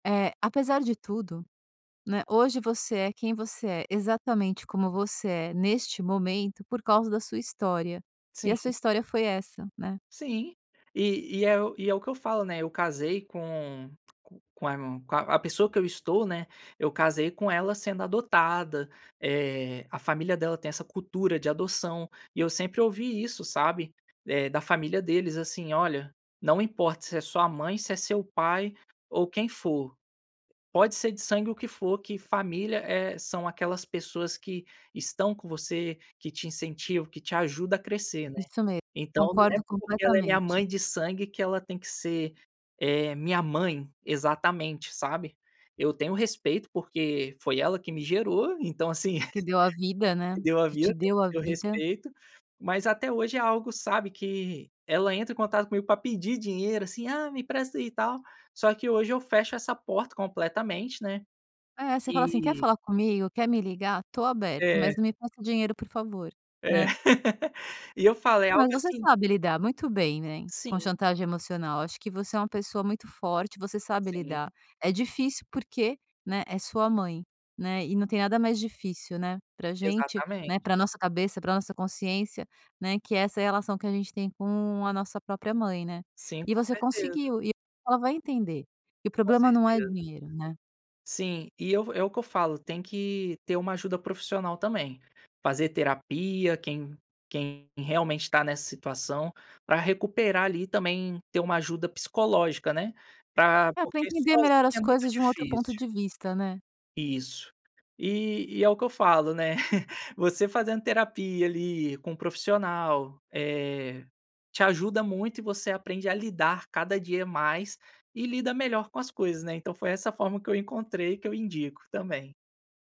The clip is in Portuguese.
É, apesar de tudo, né, hoje você é quem você é, exatamente como você é neste momento por causa da sua história, e a sua Sim. história foi essa, né. Sim. E e é o e é o que eu falo, né, eu casei com com aimon com a a pessoa que eu estou, né, eu casei com ela sendo adotada, eh, a família dela tem essa cultura de adoção. E eu sempre ouvi isso, sabe, eh, da família deles, assim: "Olha, não importa se é sua mãe, se é seu pai ou quem for. Pode ser de sangue, o que for. Que família é são aquelas pessoas que estão com você, que te incentivam, que te ajuda a crescer, né." Isso mesmo, Então, não é concordo porque ela é minha completamente. mãe de sangue que ela tem que ser, eh, minha mãe exatamente, sabe? Eu tenho respeito porque foi ela que me gerou, então assim, Que deu a vida, né, me deu a que te vida, deu a eu vida. respeito, mas até hoje é algo, sabe, que ela entra em contato comigo pra pedir dinheiro, assim: "Ah, me empresta aí, e tal". Só que hoje eu fecho essa porta completamente, né, É, você fala assim: "Quer e falar comigo? Quer me ligar? Tô aberto, É. mas não me peça dinheiro, por favor, É. né? E eu falo, é Não, mas algo você assim sabe lidar muito bem, né, com Sim. chantagem emocional. Acho que você é uma pessoa muito forte, você sabe Sim. lidar. É difícil porque, né, é sua mãe, né, e não tem nada mais difícil, né, para a gente, Exatamente. né, pra nossa cabeça, pra nossa consciência, né, que é essa relação que a gente tem com a nossa própria mãe, né, Sim. e Com você certeza. conseguiu e ela vai entender que o Com problema não é certeza. dinheiro, né. Sim, e eu vou é o que eu falo, tem que ter uma ajuda profissional também. Fazer terapia, quem quem realmente tá nessa situação, pra recuperar ali, também, ter uma ajuda psicológica, né, pra É pra porque entender melhor sozinha é as muito coisas de um outro ponto difícil. de vista, né. Isso. E e é o que eu falo, né, você fazendo terapia ali, com um profissional, eh, te ajuda muito e você aprende a lidar cada dia mais e lida melhor com as coisas, né. Então foi essa a forma que eu encontrei e que eu indico também.